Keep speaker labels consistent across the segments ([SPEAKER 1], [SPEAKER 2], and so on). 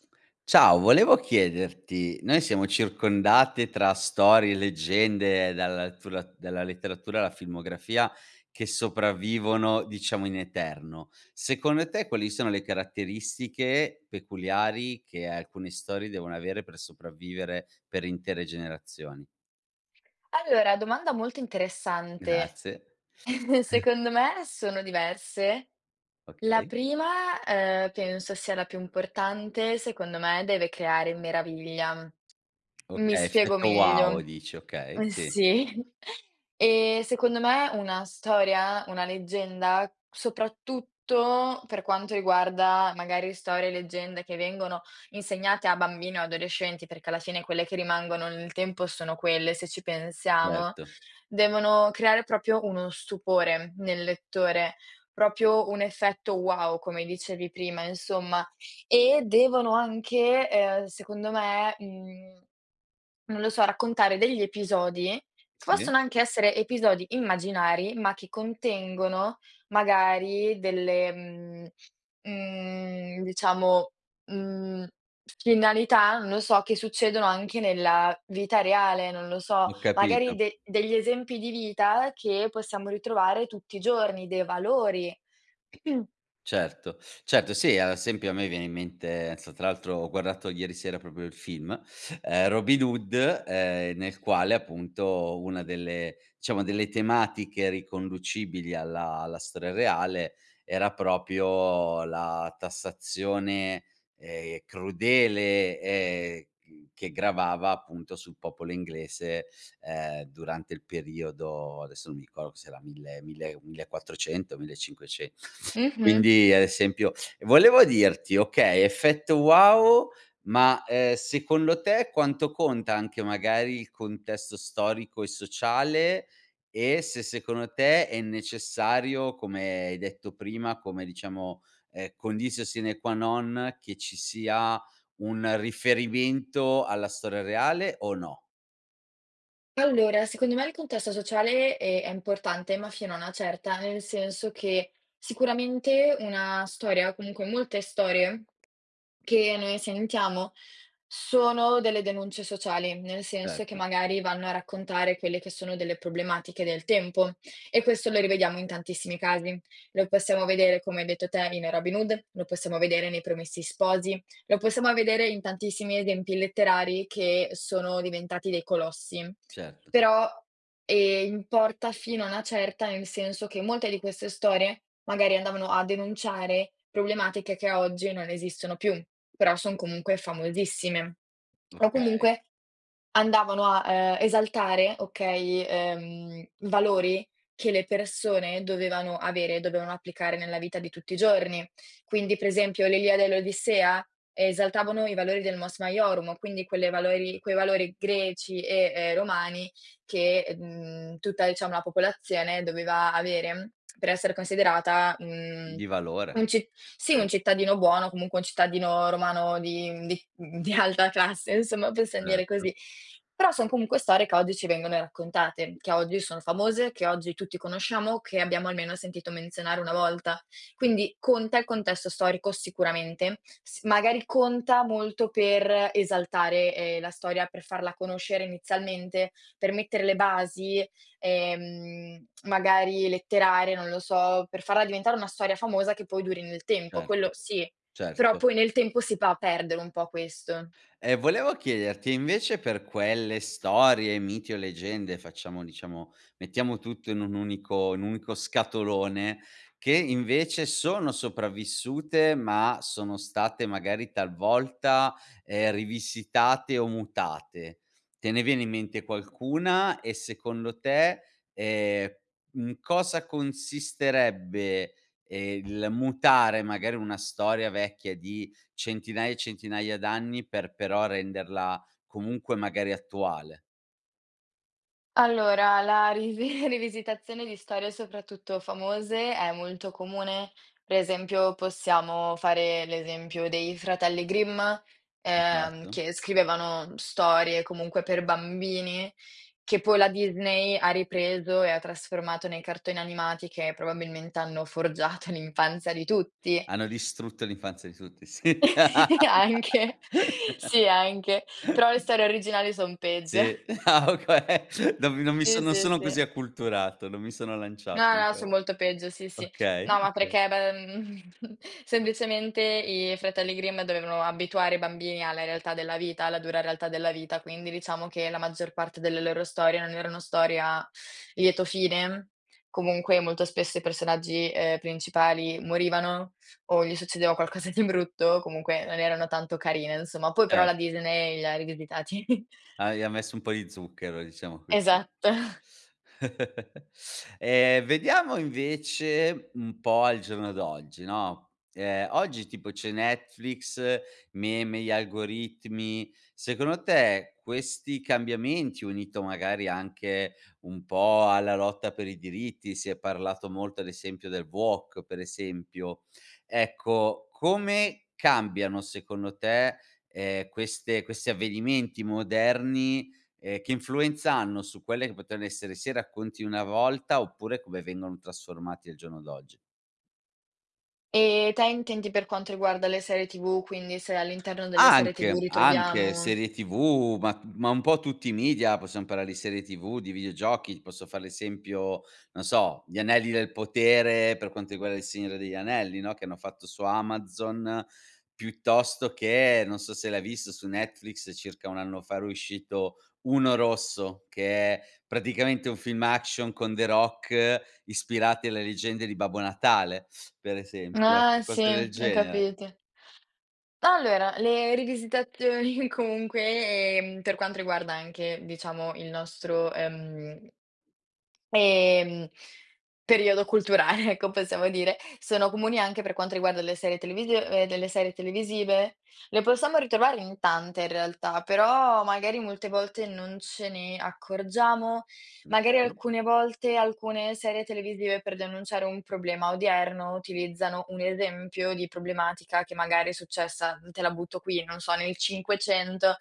[SPEAKER 1] Ciao, volevo chiederti: noi siamo circondate tra storie e leggende dalla lettu dalla letteratura alla filmografia che sopravvivono, diciamo, in eterno. Secondo te, quali sono le caratteristiche peculiari che alcune storie devono avere per sopravvivere per intere generazioni?
[SPEAKER 2] Allora, domanda molto interessante!
[SPEAKER 1] Grazie,
[SPEAKER 2] Secondo me, sono diverse: la
[SPEAKER 1] Okay.
[SPEAKER 2] prima, uhm, penso sia la più importante, secondo me, deve creare meraviglia. Mi
[SPEAKER 1] Okay,
[SPEAKER 2] spiego
[SPEAKER 1] effetto
[SPEAKER 2] meglio:
[SPEAKER 1] wow dici, okay,
[SPEAKER 2] ehm,
[SPEAKER 1] sì.
[SPEAKER 2] sì, ehm, secondo me una storia, una leggenda, soprattutto per quanto riguarda, magari, storie e leggende che vengono insegnate a bambini o adolescenti perché, alla fine, quelle che rimangono nel tempo sono quelle, se ci pensiamo,
[SPEAKER 1] Erto.
[SPEAKER 2] devono creare proprio uno stupore nel lettore, proprio un effetto wow, come dicevi prima, insomma. E devono anche, ehm, secondo me, mhmm, non lo so, raccontare degli episodi che
[SPEAKER 1] Sì.
[SPEAKER 2] possono anche essere episodi immaginari, ma che contengono, magari delle, mhmm, mhmm, diciamo, mhmm, finalità, non lo so, che succedono anche nella vita reale, non lo so.
[SPEAKER 1] Ho capito.
[SPEAKER 2] Magari de degli esempi di vita che possiamo ritrovare tutti i giorni, dei valori.
[SPEAKER 1] Certo, certo, sì, a esempio a me viene in mente, non so tra l'altro ho guardato ieri sera proprio il film, ehm, Robin Hood, ehm, nel quale appunto una delle diciamo delle tematiche riconducibili alla alla storia reale, era proprio la tassazione, ehm, crudele e c che gravava appunto sul popolo inglese, ehm, durante il periodo, adesso non mi ricordo se era 1000- 1000- 1400, mille e cinquence
[SPEAKER 2] Mh-mh.
[SPEAKER 1] quindi ad esempio ehm, volevo dirti, okay, effetto wow, ma, ehm, secondo te quanto conta anche magari il contesto storico e sociale, e se secondo te è necessario, come hai detto prima, come diciamo, ehm, conditio sine qua non che ci sia un riferimento alla storia reale o no?
[SPEAKER 2] Allora, secondo me il contesto sociale, ehm, è importante, ma fino a una certa, nel senso che, sicuramente una storia, comunque molte storie, che noi sentiamo sono delle denunce sociali, nel senso che
[SPEAKER 1] Certo.
[SPEAKER 2] magari vanno a raccontare quelle che sono delle problematiche del tempo e questo lo rivediamo in tantissimi casi. Lo possiamo vedere come hai detto te in Robin Hood, lo possiamo vedere nei Promessi Sposi, lo possiamo vedere in tantissimi esempi letterari che sono diventati dei colossi.
[SPEAKER 1] Certo.
[SPEAKER 2] Però, ehm, importa fino a una certa, nel senso che molte di queste storie, magari andavano a denunciare problematiche che oggi non esistono più, però son comunque famosissime. O
[SPEAKER 1] Okay.
[SPEAKER 2] comunque, andavano a, ehm, esaltare okay, ehm, i valori che le persone dovevano avere e dovevano applicare nella vita di tutti i giorni. Quindi, per esempio l'Iliade e l'Odissea, esaltavano i valori del Mos Maiorum, quindi quelle valori quei valori greci e, ehm, romani, che, mhmm, tutta diciamo la popolazione doveva avere per essere considerata, mhmm,
[SPEAKER 1] Di valore.
[SPEAKER 2] un ci sì,
[SPEAKER 1] Sì.
[SPEAKER 2] un cittadino buono, comunque un cittadino romano di mhmm, di di alta classe, insomma, possiam dire
[SPEAKER 1] Certo.
[SPEAKER 2] così. Però son comunque storie che oggi ci vengono raccontate, che oggi sono famose, che oggi tutti conosciamo, che abbiamo almeno sentito menzionare 1 volta. Quindi conta il contesto storico sicuramente, s magari conta molto per esaltare, ehm, la storia, per farla conoscere inizialmente, per mettere le basi, ehm, magari letterarie, non lo so, per farla diventare una storia famosa che poi duri nel tempo, quello
[SPEAKER 1] Certo,
[SPEAKER 2] sì, però
[SPEAKER 1] certo.
[SPEAKER 2] poi nel tempo si va a perdere un po' questo.
[SPEAKER 1] E volevo chiederti invece per quelle storie, miti o leggende, facciamo diciamo, mettiamo tutto in un unico in un unico scatolone, che invece sono sopravvissute ma sono state magari talvolta, ehm, rivisitate o mutate. Te ne viene in mente qualcuna e secondo te, ehm, in cosa consisterebbe, ehm, il mutare magari una storia vecchia di centinaia e centinaia d'anni per però renderla comunque magari attuale?
[SPEAKER 2] Allora la ri rivisitazione di storie soprattutto famose è molto comune, per esempio possiamo fare l'esempio dei fratelli Grimm, ehm,
[SPEAKER 1] Esatto.
[SPEAKER 2] che scrivevano storie comunque per bambini, che poi la Disney ha ripreso e ha trasformato nei cartoni animati che probabilmente hanno forgiato l'infanzia di tutti.
[SPEAKER 1] Hanno distrutto l'infanzia di tutti, sì.
[SPEAKER 2] Anche, sì, anche. Però le storie originali son peggio.
[SPEAKER 1] Sì, ah okay, non mi non mi
[SPEAKER 2] Sì,
[SPEAKER 1] sono non
[SPEAKER 2] sì,
[SPEAKER 1] sono
[SPEAKER 2] sì.
[SPEAKER 1] così acculturato, non mi sono lanciato
[SPEAKER 2] No, no,
[SPEAKER 1] ancora.
[SPEAKER 2] son molto peggio, sì, sì.
[SPEAKER 1] Okay,
[SPEAKER 2] No, ma
[SPEAKER 1] okay.
[SPEAKER 2] perché beh, mhmm, semplicemente i fratelli Grimm dovevano abituare i bambini alla realtà della vita, alla dura realtà della vita, quindi diciamo che la maggior parte delle loro storie non erano storie a lieto fine. Comunque molto spesso i personaggi, ehm, principali morivano, o gli succedeva qualcosa di brutto, comunque non erano tanto carine, insomma. Poi però
[SPEAKER 1] Cer
[SPEAKER 2] la Disney li ha rivisitati.
[SPEAKER 1] Hai ha messo un po' di zucchero, diciamo. [unintelligible]
[SPEAKER 2] Esatto.
[SPEAKER 1] Ehm vediamo invece un po' al giorno d'oggi, no. Ehm, oggi tipo c'è Netflix, meme, gli algoritmi, secondo te, questi cambiamenti, unito magari anche un po' alla lotta per i diritti, si è parlato molto ad esempio del woke, per esempio, ecco come cambiano secondo te, ehm, queste questi avvenimenti moderni, ehm, che influenza hanno su quelle che potrebbero essere sia racconti di una volta, oppure come vengono trasformati al giorno d'oggi?
[SPEAKER 2] Ehm, te intendi per quanto riguarda le serie TV, quindi se all'interno delle serie TV
[SPEAKER 1] Anche, anche,
[SPEAKER 2] ritroviamo
[SPEAKER 1] serie TV ma t ma un po' tutti i media. Possiamo parlare di serie TV, di videogiochi, posso fare l'esempio, non so, Gli Anelli del Potere per quanto riguarda Il Signore degli Anelli, no, che hanno fatto su Amazon, piuttosto che non so se l'hai visto su Netflix, circa 1 anno fa era uscito Uno Rosso, che è praticamente un film action con The Rock, ispirati alle leggende di Babbo Natale, per esempio. Ecco,
[SPEAKER 2] Ah sì,
[SPEAKER 1] cose del
[SPEAKER 2] e
[SPEAKER 1] genere.
[SPEAKER 2] capite. Allora le rivisitazioni comunque, ehm, per quanto riguarda anche, diciamo il nostro, ehm ehm, periodo culturale ecco possiamo dire, sono comuni anche per quanto riguarda le serie televisiv ehm, delle serie televisive. Le possiamo ritrovare in tante, in realtà, però magari molte volte non ce ne, accorgiamo? Magari
[SPEAKER 1] Okay.
[SPEAKER 2] alcune volte alcune serie televisive per denunciare un problema odierno utilizzano un esempio di problematica che magari è successa, te la butto qui, non so nel 500.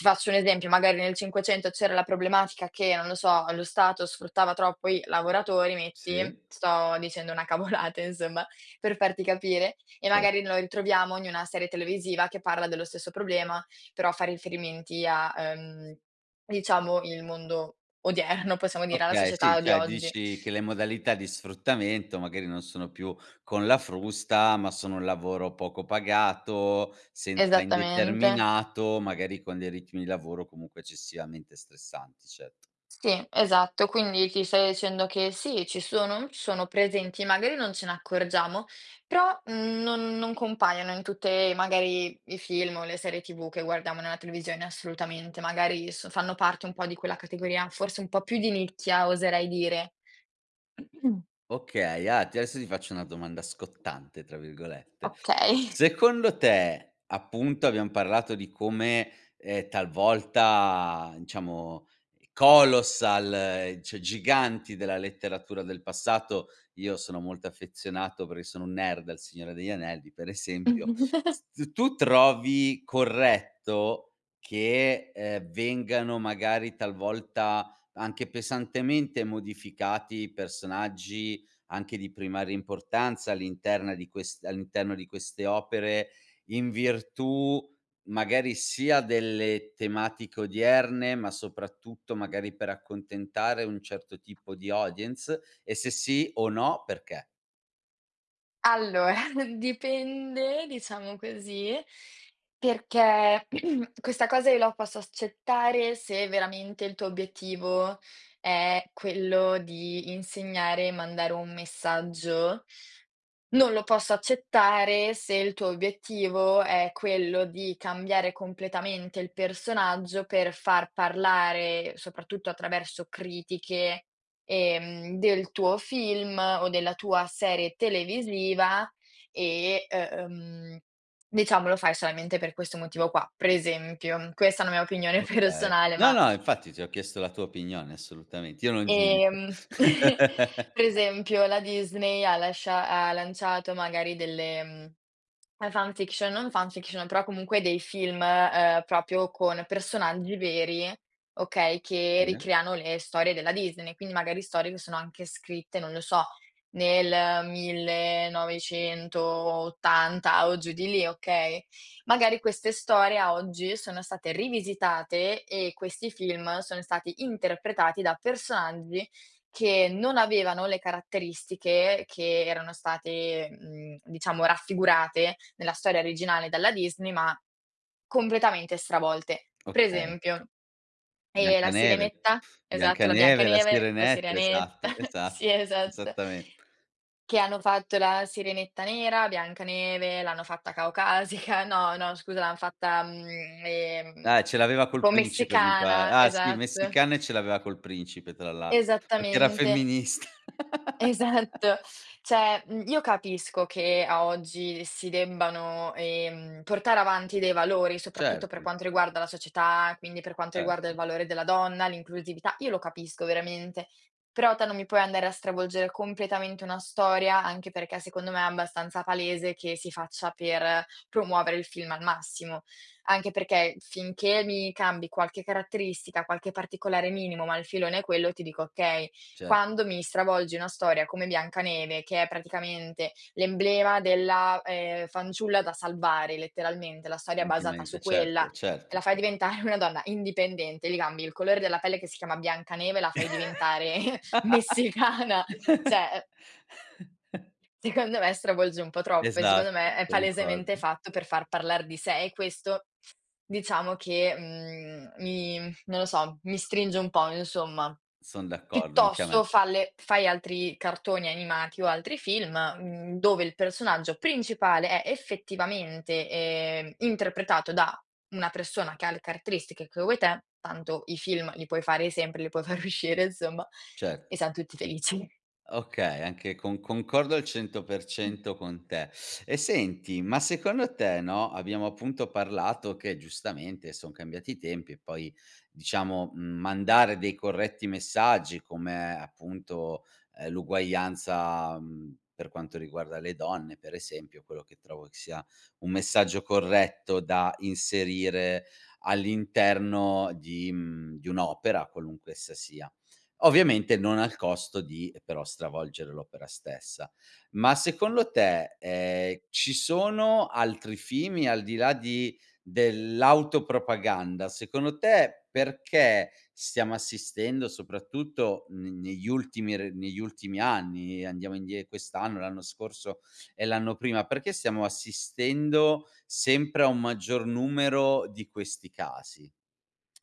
[SPEAKER 2] Ti faccio un esempio, magari nel 500 c'era la problematica che, non lo so, lo stato sfruttava troppo i lavoratori, metti,
[SPEAKER 1] Sì.
[SPEAKER 2] sto dicendo una cavolata insomma, per farti capire, e
[SPEAKER 1] Cert
[SPEAKER 2] magari lo ritroviamo in i una serie televisiva che parla dello stesso problema, però fa riferimenti a, ehm, diciamo il mondo odierno, possiamo dire, alla
[SPEAKER 1] Okay, sì,
[SPEAKER 2] società di
[SPEAKER 1] cioè
[SPEAKER 2] oggi.
[SPEAKER 1] dici che le modalità di sfruttamento magari non sono più con la frusta, ma sono un lavoro poco pagato, senza
[SPEAKER 2] Esattamente.
[SPEAKER 1] indeterminato, magari con dei ritmi di lavoro comunque eccessivamente stressanti, cet
[SPEAKER 2] Sì, esatto, quindi ti sto dicendo che, sì, ci sono mhmm, sono presenti, magari non ce ne accorgiamo, però, mhmm, non non compaiono in tutte, magari, i film o le serie TV che guardiamo nella televisione, assolutamente, magari s fanno parte un po' di quella categoria, forse un po' più di nicchia, oserei dire.
[SPEAKER 1] Okay, ah t adesso ti faccio una domanda "scottante", tra virgolette:
[SPEAKER 2] Okay.
[SPEAKER 1] secondo te appunto, abbiam parlato di come, ehm, talvolta, diciamo, colossal, cioè giganti della letteratura del passato io sono molto affezionato perché sono un nerd del Signore degli Anelli, per esempio, s tu trovi corretto che, ehm, vengano, magari, talvolta, anche pesantemente modificati i personaggi anche di primaria importanza all'interna di quest all'interno di queste opere in virtù, magari, sia delle tematiche odierne, ma, soprattutto, magari per accontentare un certo tipo di audience? E se sì o no, perché?
[SPEAKER 2] Allora dipende, diciamo così, perché questa cosa io la posso s accettare se veramente il tuo obiettivo è quello di insegnare e mandare un messaggio, non lo posso accettare se il tuo obiettivo è quello di cambiare completamente il personaggio per far parlare, soprattutto attraverso critiche, ehm, del tuo film o della tua serie televisiva e, ehm, diciamo, lo fai solamente per questo motivo qua. Per esempio, questa è una mia opinione
[SPEAKER 1] Okay.
[SPEAKER 2] personale
[SPEAKER 1] No,
[SPEAKER 2] ma
[SPEAKER 1] no, infatti, ti ho chiesto la tua opinione assolutamente, io non giudico.
[SPEAKER 2] Ehm, per esempio, la Disney ha lascia ha lanciato magari delle, ehm, fan-fiction, non fan-fiction, però comunque dei film, ehm, proprio con personaggi veri, okay, che
[SPEAKER 1] Bene.
[SPEAKER 2] ricreano le storie della Disney, quindi magari storie che sono anche scritte, non lo so, nel 1980 o giù di lì, okay? Magari queste storie, a oggi, sono state rivisitate e questi film sono stati interpretati da personaggi che non avevano le caratteristiche che erano state, mhmm, diciamo, raffigurate nella storia originale dalla Disney, ma completamente stravolte. Per
[SPEAKER 1] Okay.
[SPEAKER 2] esempio, ehm, la
[SPEAKER 1] Biancaneve,
[SPEAKER 2] Sirenetta, esatto, la
[SPEAKER 1] Biancaneve, la
[SPEAKER 2] Biancaneve, la
[SPEAKER 1] Sirenetta,
[SPEAKER 2] Sirenetta,
[SPEAKER 1] esatto, esa
[SPEAKER 2] sì, esatto.
[SPEAKER 1] esattamen
[SPEAKER 2] Che hanno fatto la Sirenetta nera, Biancaneve l'hanno fatta caucasica no, no scusa l'han fatta, mhmm, ehm,
[SPEAKER 1] Eh, ce l'aveva
[SPEAKER 2] un
[SPEAKER 1] col
[SPEAKER 2] po'
[SPEAKER 1] principe, mi pare.
[SPEAKER 2] messicana,
[SPEAKER 1] Ah, sì,
[SPEAKER 2] esatto.
[SPEAKER 1] messicana e ce l'aveva col principe, tra l'a perché era
[SPEAKER 2] Esattamente,
[SPEAKER 1] femminist
[SPEAKER 2] esatto. Cioè, mhmm, io capisco che, a oggi, si debbano, ehm, portare avanti dei valori, soprattutto per
[SPEAKER 1] Certo.
[SPEAKER 2] quanto riguarda la società, quindi per quanto
[SPEAKER 1] Cer
[SPEAKER 2] riguarda il valore della donna, l'inclusività, io lo capisco veramente, però te non mi puoi andare a stravolgere completamente una storia, anche perché, secondo me, è abbastanza palese che si faccia per promuovere il film al massimo. Anche perché finché mi cambi qualche caratteristica, qualche particolare minimo, ma il filone è quello, ti dico: "Okay".
[SPEAKER 1] Cer
[SPEAKER 2] Quando mi stravolgi una storia come Biancaneve che è praticamente l'emblema della, ehm, fanciulla da salvare letteralmente, la storia è basata su
[SPEAKER 1] Ovviamente,
[SPEAKER 2] quella
[SPEAKER 1] certo,
[SPEAKER 2] e
[SPEAKER 1] certo,
[SPEAKER 2] la fai
[SPEAKER 1] cer
[SPEAKER 2] diventare una donna indipendente, gli cambi il colore della pelle che si chiama Biancaneve e la fai diventare messicana, cioè, ehm secondo me, stravolge un po' troppo e, secondo
[SPEAKER 1] Esatto,
[SPEAKER 2] me, è palesemente
[SPEAKER 1] concordo.
[SPEAKER 2] fatto per far parlar di sé e, questo, diciamo che, mhmm, mi non lo so, mi stringe un po', insomma.
[SPEAKER 1] Son d'accordo, anche a me.
[SPEAKER 2] Piuttosto falle fai altri cartoni animati o altri film, mhmm, dove il personaggio principale è, effettivamente, ehm, interpretato da una persona che ha le caratteristiche che vuoi te, tanto i film li puoi fare sempre, li puoi far uscire, insomma,
[SPEAKER 1] Certo.
[SPEAKER 2] e siam tutti felici.
[SPEAKER 1] Okay, anche con concordo al cento per
[SPEAKER 2] Mh.
[SPEAKER 1] cento con te. E senti, ma secondo te no, abbiamo appunto parlato che giustamente son cambiati i tempi e poi, diciamo, mhmm, mandare dei corretti messaggi come appunto, uhm, l'uguaglianza, mhmm, per quanto riguarda le donne, per esempio, quello che trovo che sia un messaggio corretto da inserire all'interno di mhmm, di un'opera, qualunque essa sia, ovviamente non al costo di, ehm, però, stravolgere l'opera stessa. Ma secondo te, ehm, ci sono altri fini al di là di dell'autopropaganda? Secondo te, perché stiamo assistendo soprattutto ne negli ultimi r negli ultimi anni, andiamo indie quest'anno, l'anno scorso e l'anno prima, perché stiamo assistendo sempre a un maggior numero di questi casi?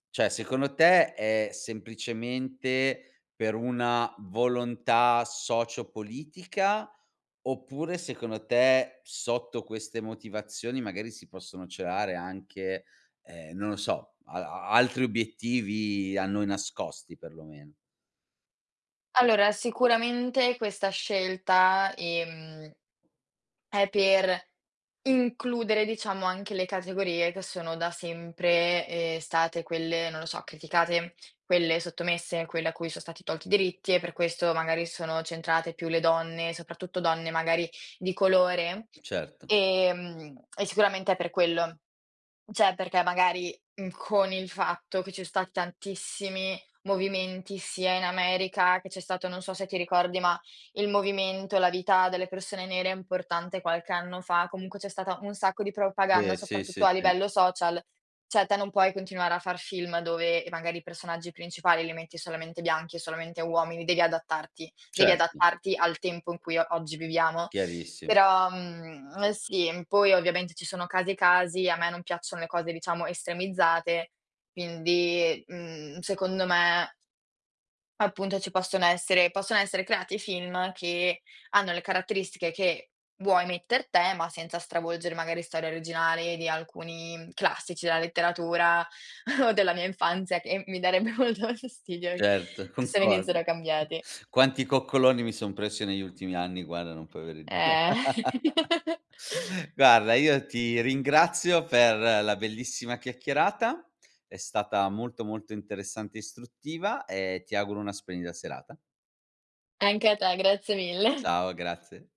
[SPEAKER 1] Cioè secondo te è semplicemente per una volontà socio-politica, oppure secondo te sotto queste motivazioni magari si possono celare anche, ehm, non lo so, al a altri obiettivi a noi nascosti per lo meno?
[SPEAKER 2] Allora, sicuramente questa scelta, ehm, è per includere diciamo anche le categorie che sono da sempre, ehm, state quelle, non lo so, criticate, quelle sottomesse, quelle a cui so stati tolti i diritti e per questo, magari sono centrate più le donne, soprattutto donne magari di colore,
[SPEAKER 1] Certo.
[SPEAKER 2] ehm, e sicuramente è per quello. Cioè perché magari, mhmm, con il fatto che ci so stati tantissimi movimenti sia in America, che c'è stato, non so se ti ricordi ma, il movimento, la vita delle persone nere è importante qualche anno fa, comunque c'è stata un sacco di propaganda,
[SPEAKER 1] Sì, sì,
[SPEAKER 2] soprattutto
[SPEAKER 1] sì,
[SPEAKER 2] a
[SPEAKER 1] sì.
[SPEAKER 2] livello social, cioè te non puoi continuare a far film dove magari i personaggi principali li metti solamente bianchi e solamente uomini, devi adattarti. Devi
[SPEAKER 1] Certo.
[SPEAKER 2] adattarti al tempo in cui o oggi viviamo.
[SPEAKER 1] Chiarissimo.
[SPEAKER 2] Però, mhmm, uhm, sì, poi ovviamente ci sono casi e casi, a me non piacciono le cose diciamo estremizzate, quindi, mhmm, secondo me appunto ci possono essere possono essere creati film che hanno le caratteristiche che vuoi metter te ma senza stravolgere magari storie originali di alcuni classici della letteratura, o della mia infanzia che mi darebbe molto fastidio
[SPEAKER 1] Certo,
[SPEAKER 2] ch se
[SPEAKER 1] concordo.
[SPEAKER 2] venissero cambiati.
[SPEAKER 1] Quanti coccoloni mi son preso negli ultimi anni guarda, non puoi avere id
[SPEAKER 2] Eh.
[SPEAKER 1] Guarda, io ti ringrazio per la bellissima chiacchierata. È stata molto, molto interessante e istruttiva e ti auguro una splendida serata.
[SPEAKER 2] Anche a te. Grazie mille.
[SPEAKER 1] Ciao, grazie.